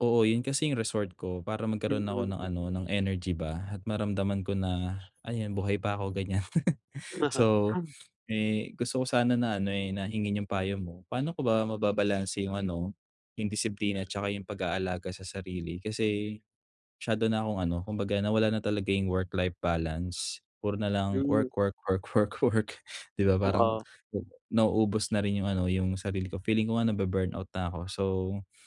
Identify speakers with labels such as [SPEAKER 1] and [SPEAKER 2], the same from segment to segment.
[SPEAKER 1] Oo, yun kasi yung resort ko para magkaroon ako ng
[SPEAKER 2] Mm.
[SPEAKER 1] ano, ng energy ba at maramdaman ko na, ayan buhay pa ako, ganiyan.
[SPEAKER 2] Oo.
[SPEAKER 1] So, eh, gusto ko sana na ano, eh, na hingin yung payo mo. Pa'no ko ba mababalanse yung ano, yung disiplina at tsaka yung pag-aalaga sa sarili? Kasi masyado na akong ano, kumbaga nawala na talaga yung work-life balance. Puro na lang
[SPEAKER 2] Yu
[SPEAKER 1] work, work, work, work, work, 'di ba parang
[SPEAKER 2] Oo.
[SPEAKER 1] 'baga nauubos na rin yung ano, yung sarili ko. Feeling ko nga nabu-burnout na ako. So,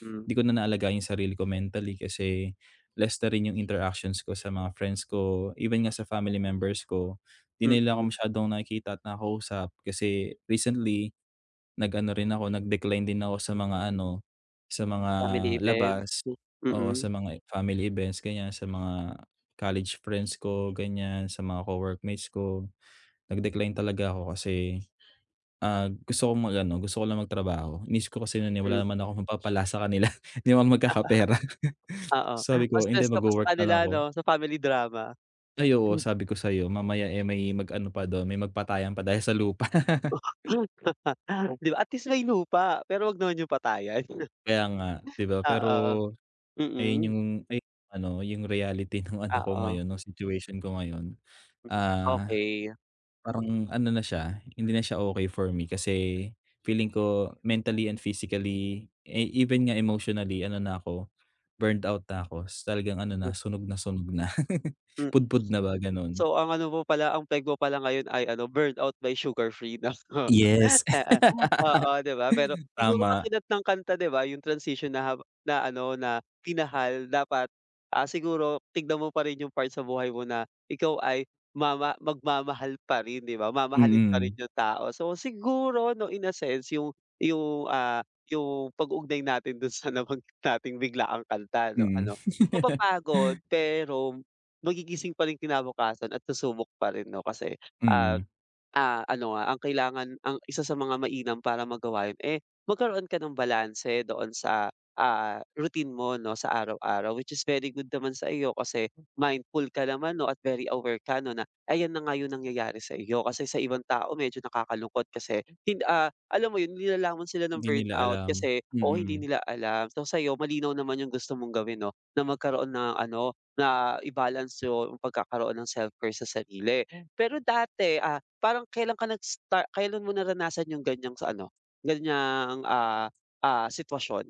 [SPEAKER 2] Hmm.
[SPEAKER 1] 'di ko na naalagaan yung sarili ko, mentally kasi less na rin yung interactions ko sa mga friends ko. Even nga sa family members ko, 'di na nila
[SPEAKER 2] Mm.
[SPEAKER 1] ako masyadong nakikita at nakakausap. Kasi recently, nag-ano rin ako, nag-decline din ako sa mga ano, sa mga
[SPEAKER 2] Family events.
[SPEAKER 1] labas.
[SPEAKER 2] Hmm,
[SPEAKER 1] Oo,
[SPEAKER 2] mm.
[SPEAKER 1] sa mga family events ganiyan, sa mga college friends ko ganiyan, sa mga co-workmates ko. Nag-decline talaga ako kasi, ah, gusto kong mag-ano, gusto ko lang magtrabaho. Inisip ko kasi nun, eh, wala
[SPEAKER 2] Hmm.
[SPEAKER 1] naman akong mapapala sa kanila, hindi naman ako magkakapera.
[SPEAKER 2] Oo,
[SPEAKER 1] Sabi
[SPEAKER 2] mas
[SPEAKER 1] ko, "Hindi,
[SPEAKER 2] stress ka pa sa
[SPEAKER 1] magwowork na lang
[SPEAKER 2] kanila
[SPEAKER 1] ako."
[SPEAKER 2] ano, sa family drama.
[SPEAKER 1] Ay, oo.
[SPEAKER 2] M
[SPEAKER 1] Sabi ko sa'yo, mamaya, eh, may mag-ano pa do'n, may magpatayan pa dahil sa lupa.
[SPEAKER 2] 'Di ba, at least may lupa, pero 'wag naman yung patayan.
[SPEAKER 1] Kaya nga, 'di ba? Pero
[SPEAKER 2] Oo.
[SPEAKER 1] ayun
[SPEAKER 2] Mm.
[SPEAKER 1] yung ayun, ano yung reality ng ano
[SPEAKER 2] Ah,
[SPEAKER 1] ko
[SPEAKER 2] o.
[SPEAKER 1] ngayon, ng situation ko ngayon.
[SPEAKER 2] Hmm.
[SPEAKER 1] Ah,
[SPEAKER 2] Okey.
[SPEAKER 1] parang ano na siya, hindi na siya okey for me kasi feeling ko mentally and physically eh, even nga emotionally ano na ako, burned out na ako, talagang ano
[SPEAKER 2] [unintelligible]
[SPEAKER 1] na, sunog na sunog na,
[SPEAKER 2] Hmm,
[SPEAKER 1] pudpud
[SPEAKER 2] tapos
[SPEAKER 1] na ba,
[SPEAKER 2] so
[SPEAKER 1] gano'n.
[SPEAKER 2] ang ano mo pala, ang peg mo pala ngayon ay ano, "Burnout" by Sugarfree 'no.
[SPEAKER 1] Yes,
[SPEAKER 2] Oo, 'di ba, pero siguro
[SPEAKER 1] tama.
[SPEAKER 2] katulad ng kanta, 'di ba yung transition na hawa na ano, na minahal. Dapat, ah, siguro tignan mo pa rin yung part sa buhay mo na ikaw ay mama magmamahal pa rin, 'di ba? Mamahalin pa rin
[SPEAKER 1] Mm.
[SPEAKER 2] yung tao, so siguro 'no, in a sense yung yung, ah, yung pag-uugnay natin dun sa nabanggit nating biglaang kanta 'no.
[SPEAKER 1] Mm.
[SPEAKER 2] Ano, mapapagod pero magigising pa rin kinabukasan at susubok pa rin 'no, kasi, ah,
[SPEAKER 1] Mm.
[SPEAKER 2] ah, ano nga, ang kailangan, ang isa sa mga mainam para magawa yun, eh, magkaroon ka ng balanse doon sa, ah, routine mo 'no, sa araw-araw. Which is very good naman sa iyo kasi mindful ka naman 'no, at very aware ka 'no, na ayan na nga yung nangyayari sa iyo. Kasi sa ibang tao medyo nakakalungkot kasi hin ah, alam mo yun, nilalamon sila ng
[SPEAKER 1] 'Di nila
[SPEAKER 2] burnout
[SPEAKER 1] alam,
[SPEAKER 2] kasi oo, hindi
[SPEAKER 1] mm.
[SPEAKER 2] nila alam. So, sa'yo malinaw naman yung gusto mong gawin 'no, na magkaroon ng ano, na i-balance yung pagkakaroon ng self-care sa sarili. Pero dati, ah, parang kailan ka nag-star kailan mo naranasan yung ganiyang sa ano, ganiyang, ah, ah, sitwasyon?